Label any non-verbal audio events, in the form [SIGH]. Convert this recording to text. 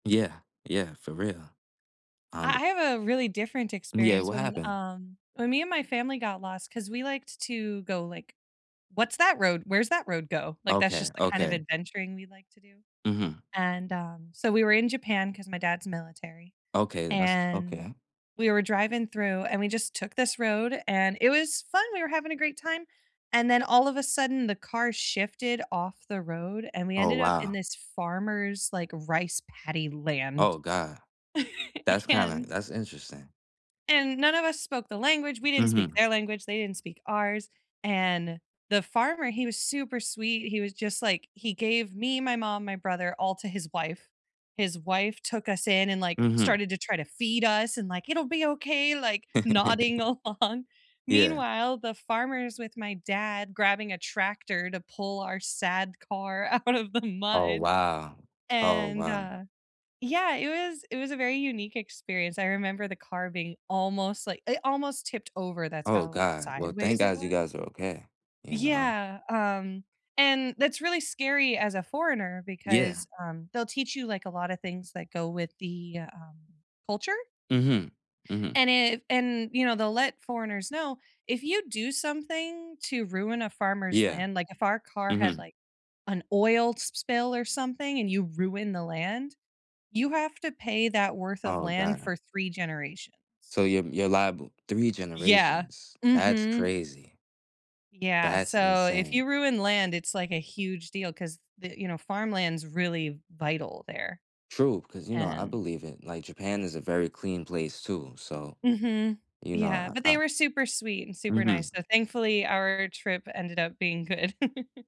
Yeah. Yeah. For real. I Um I have a really different Yeah. experience What when, happened? um when me and my family got lost- 'cause we liked to go, like, "What's that road? Where's that road go?" like, that's Okay, just the kind of okay. adventuring we like to do- Mhm. and, uh, so, we were in Japan, 'cause my dad's military, Okay, then that's and okay. we were driving through and we just took this road, and it was fun, we were having a great time, and then, all of a sudden, the car shifted off the road, and we Oh, ended up in wow. this farmer's, like, rice paddy Oh land. god. That's [CHUCKLES] kinda And that's interesting. and none of us spoke the language- we didn't speak Mhm. their language, they didn't speak ours- and the farmer, he was super sweet, he was just like, he gave me, my mom, my brother all to his wife. His wife took us in and, like, Mhm. started to try to feed us and, like, "It'll be okay," like, nodding [CHUCKLES] along. Yeah. Meanwhile, the farmer's with my dad grabbing a tractor to pull our sad car out of the Oh, mud. wow. Oh, And, wow. uh, yeah, it was it was a very unique experience. I remember the car being almost like it almost tipped over, that's Oh, how, like, god. Well, thank sideways it gods you was. guys are okay, you know? Yeah, um, and that's really scary as a foreigner Yeah. because, um, they'll teach you, like, a lotta things that go with the, um, culture Mhm. Mhm. and if and, you know, they'll let foreigners know, "If you do something to ruin a farmer's Yeah. land" like, if our car had, Mhm. like, an oil sp spill or something and you ruin the land, you have to pay that worth of Oh, land god. for 3 generations. So, you're you're liable 3 Yeah. generations, that's Mhm. crazy. Yeah. That's So, if insane. you ruin land, it's like a huge deal 'cause the you know, farmland's really vital there, True. 'Cause, you know, I and believe it. Like, Japan is a very clean place, too, so, Mhm. you Yeah. know, But I they I were super sweet and super nice, Mhm. so, thankfully, our trip ended up being good. [CHUCKLES]